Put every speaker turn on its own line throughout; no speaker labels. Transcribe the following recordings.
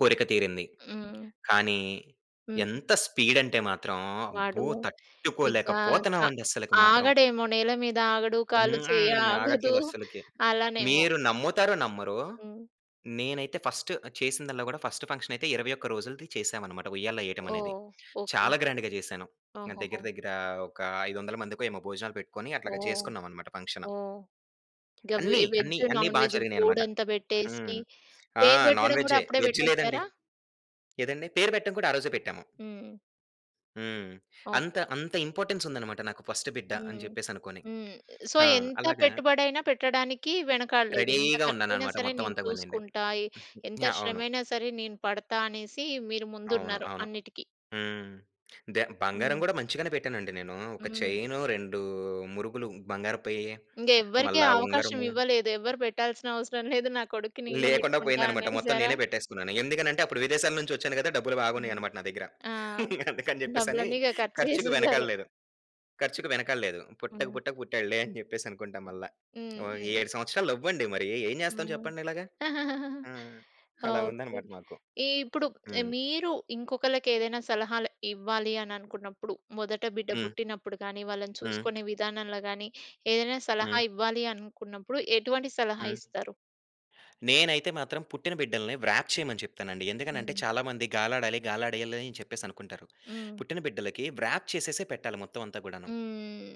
కోరిక తీరింది.
హ్మ్.
కానీ
హ్మ్.
ఎంత స్పీడ్ అంటే మాత్రం
వాడు
అబ్బో! తట్టుకోలేక
ఇకా క
పోతన్నావండి అస్సలకి మాత్రం!
ఆగడేమో! నేల మీద ఆగడు. కాళ్ళు, చెయ్యి
హ్మ్.
ఆగదు.
ఆగట్లేదు అస్సలకి.
అలానేమో!
మీరు నమ్ముతారో నమ్మరో!
హ్మ్.
నేనైతే ఫస్ట్ చేసిందాల్ల గూడా ఫస్ట్ ఫంక్షనయితే 21 రోజులది చేసామనమాట! ఉయ్యాల్లో ఏయ్యటమనేది.
ఓహ్! ఓకే.
చాలా గ్రాండ్‌గా చేశాను. ఆహ్, దగ్గర
ఓహోహో!
దగ్గర ఒక 500 మందికో ఏమో భోజనాలు పెట్టుకొని అట్లాగా
ఓహ్!
చేసుకున్నామనమాట ఫంక్షను.
ఓహ్!
అన్ని
గవి
అన్ని
వెజ్,
అన్ని
నాన్
బా
వెజ్
జరిగినాయనమాట.
ఫూడంతా
హ్మ్.
బెట్టేసి
ఆ!
పేరు
నాన్
పెట్టడం గూడా
వెజ్జే.
అప్పుడే
వెజ్ లేదండి.
బెట్టేసారా?
ఏదండి? పేరు పెట్టం గూడా ఆ రోజే పెట్టాము.
హ్మ్.
హ్మ్. అంత
ఓకే.
అంత ఇంపార్టెన్స్ ఉందనమాట. నాకు ఫస్ట్ బిడ్డ అని
హ్మ్.
జెప్పేసనుకోని
హ్మ్. సో
ఆ!
ఎంత
అలాగా
పెట్టుబడైనా పెట్టడానికి వెనకాడలేదు. "ఎంత
రెడీ‌గా
ఖర్చయినా
ఉన్నాననమాట
సరే నేను
మొత్తమంతా కానియండి.
చూసుకుంటా, ఎంత
యాహ్! అవును.
శ్రమయినా సరే నేను పడతా" అనేసి మీరు
అవును.
ముందున్నారు
అవును.
అన్నిటికి.
హ్మ్. దె బంగారం
హ్మ్.
గూడా మంచిగానే పెట్టానండి నేను. ఒక
హ్మ్.
చైన్, 2 మురుగులు బంగారపయ్యి
ఇంగెవ్వరికి
మళ్ళా
అవకాశం
ఉంగరము.
ఇవ్వలేదు. ఎవరు బెట్టాల్సినవసరం లేదు. నా కొడుక్కి నేనే
లేకుండా
బెట్టుకుంటా
పోయిందనమాట మొత్తం
అనేసారా?
నేనే పెట్టేసుకున్నాను. ఎందుకనంటే అప్పుడు విదేశాల నుంచి ఒచ్చాను గదా! డబ్బులు
హ్మ్.
బాగున్నాయనమాట నా దగ్గర.
ఆ!
అందుకని జెప్పేసని
డబ్బులన్నీ ఇగ ఖర్చు
ఖర్చుకు
జేసేసారు.
వెనకాల్లేదు, ఖర్చుకు వెనకాల్లేదు. పుట్టక
హ్మ్.
పుట్టక పుట్టాడులే అని జెప్పేసనుకుంటా మల్లా. ఒ
హ్మ్. హ్మ్.
7 సంవత్సరాలు లవ్వండి మరీ ఎం జేస్తాం
హ్మ్.
చెప్పండిలాగ? హ్మ్. అలా
ఓకే.
ఉందనమాట మాకు.
ఈప్పుడు ఆహ్,
హ్మ్.
మీరు ఇంకొకళ్ళకేదైనా సలహాలు ఇవ్వాలి అని అనుకున్నప్పుడు మొదట బిడ్డ
హ్మ్.
పుట్టినప్పుడు గానీ, వాళ్ళని
హ్మ్.
చూసుకునే విధానంలో గానీ ఏదైనా సలహా
హ్మ్.
ఇవ్వాలి అనుకున్నప్పుడు ఎటువంటి సలహా
హ్మ్.
ఇస్తారు?
నేనైతే మాత్రం పుట్టిన బిడ్డల్ని వ్రాప్ చేయమని చెప్తానండి. ఎందుకంటే
హ్మ్.
చాలా మంది గాలాడాలి గాలాడేయాలని చెప్పేసనుకుంటారు.
హ్మ్.
పుట్టిన బిడ్డలకి వ్రాప్ చేసేసే పెట్టాలి మొత్తమంతా గూడాను.
హ్మ్.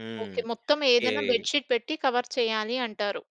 హ్మ్.
ఓకే. మొత్తమేదైనా
కేయ్
బెడ్ షీట్ పెట్టి కవర్ చేయాలి అంటారు.